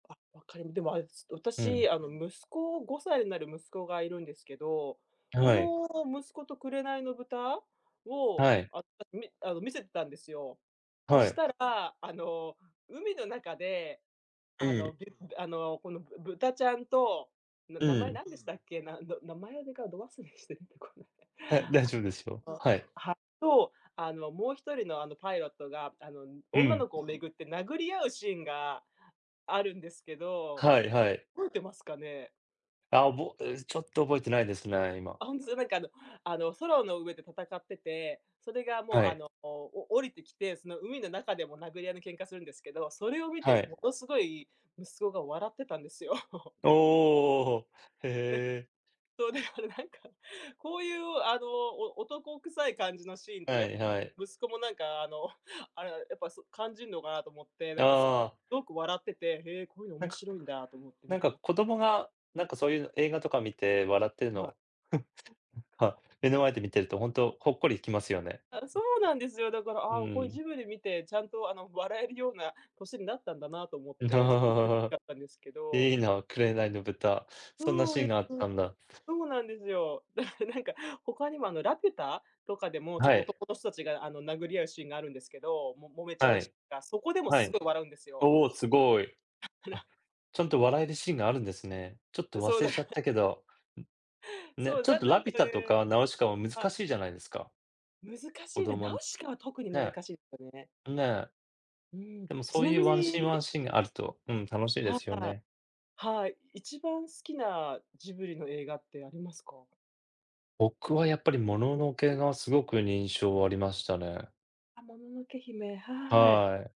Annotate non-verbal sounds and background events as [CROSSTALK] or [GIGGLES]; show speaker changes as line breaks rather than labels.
あ、分かりでも、あれ、す、
う
私、
ん。
あの、息子5歳になる息子がいるんですけど、こ
はい。
の息子と紅の豚を、
はい。
あ、たみあの、見せてたんですよ。そ
は
し
い。
たら、あの、海の中で、あ
い
の、
い。
げんあの、このぶ豚ちゃんと、な
う
名前
ん。
何でしたっけ、なんろ名前でが、ど忘れして出てこない。
はい、大丈夫ですよ。
[GIGGLES] あ、
はい。
あの、はと、あの、もう1人の、あの、パイロットが、あの、
う
女
ん。
の子を巡って殴り合うシーンがあるんですけど、
はいはい。
覚えてますかね？
あ、おぼえ、ちょっと覚えてないですね、今。
あ、ほんつ、なんか、あのあの、空の上で戦ってて、それがもう、
は
あ
い。
の、お降りてきて、その海の中でも殴り合いの喧嘩するんですけど、それを見て
はい。
もの凄い息子が笑ってたんですよ。[CHUCKLES]
おお、お、ほ。へ
ね。
え。
そう、でも、なんか、こういう、あの、お男臭い感じのシーンって
は
やっ
い
ぱ、
はい。
息子もなんか、あの、あれ、やっぱ、そ感じんのかなと思って、な
あ
んか、すっ
あ。
ごく笑ってて、へえ、こういうの、
なん
面
か
白いんだと思って
な
見
ん
て
か
ま
子供が、なんか、そう言う映画とか見て笑ってる
はい。
の、[CHUCKLES] はい、目の前で見てると、ほんとほっこりきますよね。
あ、そうなんですよ。だから、
うー
ああ、こう、
ん。
ジブリ見て、ちゃんと、あの、笑えるような歳になったんだなと思って、ちょっとうれしか
[CHUCKLES]
ったんですけど。
いいな、紅の豚。そんな
そう
シー
で
ンがあ
す
っ
よ。
たんだ。
そうなんですよ、だからなんか他にも、あの、ラピュタとかでも、ちょっ
は
と
い。
男の人たちが、あの、殴り合うシーンがあるんですけど、も、揉めちゃ
は
うシー
い。
ンが。そこでも
は
凄い
い。
笑うんですよ。
おお、凄い。
だか
あ、
ら
ちゃん
[GIGGLES]
と笑えるシーンがあるんですね。ちょっ
う
と
ん、そう、
忘
だ
れ
か
ちゃっ
ら
たけど。うん、ね。
そう、
ちょっ
なん
と
な
ラ
んか
ピュタと
ね
かナウシカは難
はい。
しいじゃないですか。
難し
子
いね、
供
ナウ
に、
シカは特に難
ね。
しいすよね。
んね。
うーん、
でも、
ち
そう
な
言
み
うワンシーン、
に
ワンシーンがあると、うん、楽しいで
は
すよ
い。
ね。
はい。一番好きなジブリの映画ってありますか？
僕はやっぱり、もののけ
[UNINTELLIGIBLE]
が、凄くにんしょうありましたね。
あ、もののけ姫、はーい。
はい。